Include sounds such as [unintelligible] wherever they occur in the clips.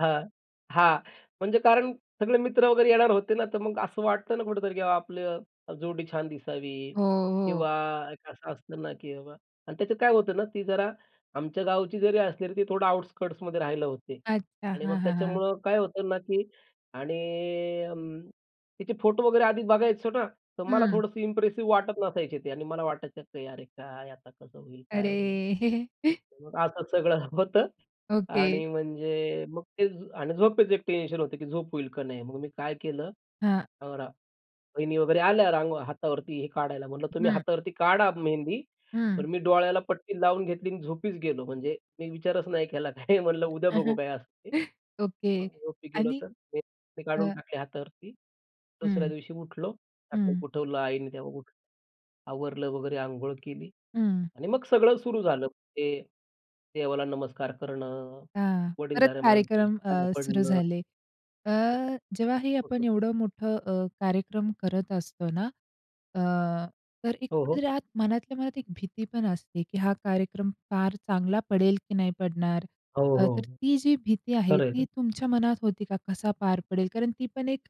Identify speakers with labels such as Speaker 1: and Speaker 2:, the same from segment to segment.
Speaker 1: हां, हां. म्हणजे कारण सगळे मित्र वगैरे येणार होते ना, तर मग असं वाटतं ना कुठेतरी, की बाबा आपलं जोडी छान दिसावी
Speaker 2: हो, हो.
Speaker 1: किंवा एक असं असतं ना, की बाबा आणि त्याचं काय होतं ना, ती जरा आमच्या गावची जरी असली तरी ती थोडं आउटस्कर्ट्समध्ये राहिला होते
Speaker 2: अच्छा,
Speaker 1: आणि
Speaker 2: हां,
Speaker 1: मग
Speaker 2: हां. हां.
Speaker 1: त्याच्यामुळं काय होतं ना, की आणि अं, तिचे फोटो वगैरे आधीच बघायचो ना, तर मला
Speaker 2: हं.
Speaker 1: थोडंसं इप्रेसिव्ह वाटत नसायचे ते आणि मला वाटायचं, की "अरे काय आता कसं होईल, काय होईल?"
Speaker 2: अरे. [chuckles]
Speaker 1: मग असं सगळं [chuckles] होतं.
Speaker 2: ओके.
Speaker 1: आणि म्हणजे मग ते आणि झोपेचं एक टेन्शन होतं, की झोप होईल का नाही मग मी काय केलं,
Speaker 2: हां.
Speaker 1: अ, रा वहिनी वगैरे आल्या रां हातावरती हे काढायला. म्हटलं "तुम्ही
Speaker 2: हं.
Speaker 1: हातावरती काढा मेहंदी,"
Speaker 2: हं.
Speaker 1: पण मी डोळ्याला पट्टी लावून घेतली आणि झोपीच गेलो. म्हणजे मी विचारच नाही केला काय म्हणलं,
Speaker 2: हं, हं.
Speaker 1: उद्या बघू
Speaker 2: [chuckles]
Speaker 1: काय असं ते
Speaker 2: ओके
Speaker 1: झोपी गेलो,
Speaker 2: आणि
Speaker 1: तर ते ते काढून
Speaker 2: अ
Speaker 1: टाकली हातावरती. दुसऱ्या
Speaker 2: हं,
Speaker 1: दिवशी उठलो. सकाळी
Speaker 2: हं.
Speaker 1: उठवलं आईने, तेव्हा उठलं, आवरलं वगैरे, अंघोळ केली
Speaker 2: हं.
Speaker 1: आणि मग सगळं सुरू झालं. ते देवाला नमस्कार करणं,
Speaker 2: हां, परत
Speaker 1: वडीलधाऱ्या
Speaker 2: कार्यक्रम
Speaker 1: माणसांच्या पाया
Speaker 2: अ, सुरू
Speaker 1: पडणं.
Speaker 2: झाले. अ, जेव्हा ही आपण
Speaker 1: [unintelligible]
Speaker 2: एवढं मोठं अ, कार्यक्रम करत असतो ना अ, तर एक
Speaker 1: हो, हो.
Speaker 2: कुठेतरी आत मनातल्या मनात एक भीती पण असते, की हा कार्यक्रम फार चांगला पडेल की नाही पडणार,
Speaker 1: हो,
Speaker 2: अ, तर
Speaker 1: हो.
Speaker 2: ती जी भीती आहे
Speaker 1: खरं
Speaker 2: ती
Speaker 1: आहे.
Speaker 2: तुमच्या मनात होती का? कसा पार पडेल? कारण ती पण एक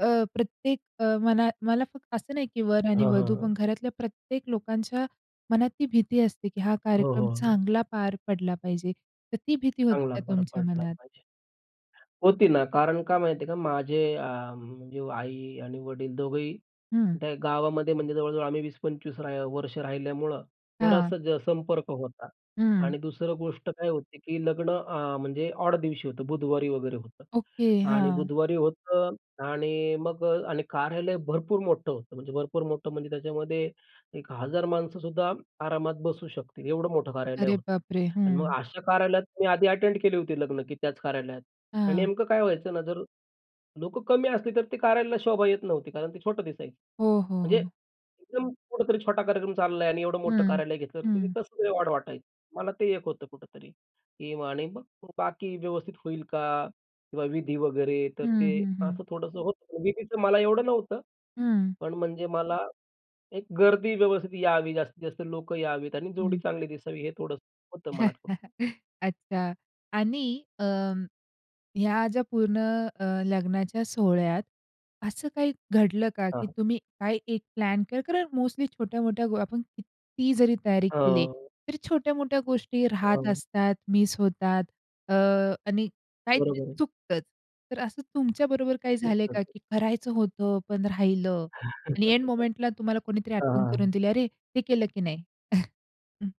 Speaker 2: अ, प्रत्येक अ, मनात, मना फक्त असं नाही की वर आणि
Speaker 1: हां, हां.
Speaker 2: वधू,
Speaker 1: हां.
Speaker 2: पण घरातल्या प्रत्येक लोकांच्या मनात ती भीती असते, की हा
Speaker 1: हो,
Speaker 2: कार्यक्रम
Speaker 1: हो. हो.
Speaker 2: चांगला पार पडला पाहिजे. तर ती भीती होती
Speaker 1: चांगला
Speaker 2: का
Speaker 1: फरक
Speaker 2: तुमच्या
Speaker 1: पडला
Speaker 2: मनात?
Speaker 1: पाहिजे. होती ना कारण काय माहिती आहे का, माझे अं, म्हणजे आई आणि वडील दोघंही
Speaker 2: हं.
Speaker 1: त्या गावामध्ये म्हणजे जवळ-जवळ आम्ही 20-25 राहि वर्ष राहिल्यामुळं
Speaker 2: हां.
Speaker 1: बराचसा संपर्क होता.
Speaker 2: हं.
Speaker 1: आणि दुसरं गोष्ट काय होते, की लग्न अं, म्हणजे ऑड दिवशी होतं बुधवारी वगैरे होतं
Speaker 2: ओके,
Speaker 1: आणि
Speaker 2: हां.
Speaker 1: बुधवारी होतं आणि मग आणि कार्यालय भरपूर मोठं होतं. म्हणजे भरपूर मोठं म्हणजे त्याच्यामध्ये 1,000 माणसंसुद्धा आरामात बसू शकतील, एवढं मोठं कार्यालय
Speaker 2: अरे
Speaker 1: होतं.
Speaker 2: बापरे!
Speaker 1: आणि मग
Speaker 2: हं.
Speaker 1: अशा कार्यालयात मी आधी अटेंड केली होती लग्न, की त्याच कार्यालयात आणि
Speaker 2: हां.
Speaker 1: नेमकं काय व्हायचं ना, जर लोकं कमी असली तर ते कार्यालयाला शोभा येत नव्हती कारण ते छोटं दिसायचं.
Speaker 2: हो, हो.
Speaker 1: म्हणजे
Speaker 2: हो.
Speaker 1: एकदम कुठेतरी छोटा कार्यक्रम चाललाय आणि एवढं मोठं
Speaker 2: हं,
Speaker 1: कार्यालय घेतल्यावरती
Speaker 2: हं.
Speaker 1: कसं ऑड वाटायचं मला ते एक होतं कुठेतरी. आणि मग बाकी व्यवस्थित होईल का? किंवा विधी वगैरे तर
Speaker 2: हं,
Speaker 1: ते
Speaker 2: हं. हं.
Speaker 1: असं थोडंसं होतं विधीचं मला एवढं नव्हतं.
Speaker 2: हं.
Speaker 1: पण म्हणजे मला एक गर्दी व्यवस्थित यावी, जास्तीत जास्त लोकं यावीत आणि जोडी
Speaker 2: हं.
Speaker 1: चांगली दिसावी, हे थोडंसं होतं मनात कुठं.
Speaker 2: [chuckles] अच्छा आणि अं, ह्या ज्या पूर्ण अ, लग्नाच्या सोहळ्यात असं काही घडलं का,
Speaker 1: हां,
Speaker 2: की
Speaker 1: हां.
Speaker 2: तुम्ही काय एक प्लॅन करा कारण मोस्टली छोट्या-मोठ्या आपण किती जरी तयारी केली,
Speaker 1: हं.
Speaker 2: तर छोट्या-मोठ्या गोष्टी राहत
Speaker 1: हं.
Speaker 2: असतात, मिस होतात. अ, आणि काहीतरी
Speaker 1: बरोबर आहे.
Speaker 2: चुकतच. तर असं तुमच्या बरोबर काही झालंय का?
Speaker 1: [unintelligible]
Speaker 2: की करायचं होतं पण राहिलं आणि एन
Speaker 1: [chuckles] हां,
Speaker 2: मोमेंटला तुम्हाला कोणीतरी
Speaker 1: हां.
Speaker 2: आठवण करून
Speaker 1: हां.
Speaker 2: दिली, "अरे, हे केलं की नाही?" [chuckles] हं.